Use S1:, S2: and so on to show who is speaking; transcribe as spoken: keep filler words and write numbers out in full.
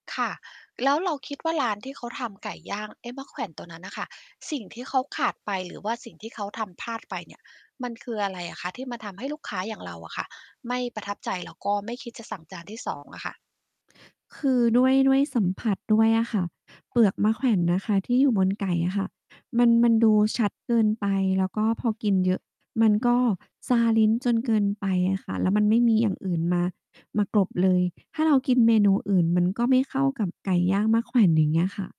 S1: ค่ะ แล้วเราคิดว่าร้านที่เขาทำไก่ย่าง เอ๊ะ มะแขว่นตัวนั้นน่ะค่ะ สิ่งที่เขาขาดไป หรือว่าสิ่งที่เขาทำพลาดไปเนี่ย มันคืออะไรอะคะ ที่มันทำให้ลูกค้าอย่างเราอะค่ะ ไม่ประทับใจ แล้วก็ไม่คิดจะสั่งจานที่ สอง อะค่ะ
S2: คือด้วย ด้วยสัมผัสด้วยอะค่ะ เปลือกมะแขว่นนะคะที่อยู่บนไก่อะค่ะ มัน มันดูชัดเกินไป แล้วก็พอกินเยอะ มันก็ชาลิ้นจนเกินไปอะค่ะ แล้วมันไม่มีอย่างอื่นมา มากลบเลย ถ้าเรากินเมนูอื่น มันก็ไม่เข้ากับไก่ย่างมะแขว่นอย่างนี้ค่ะ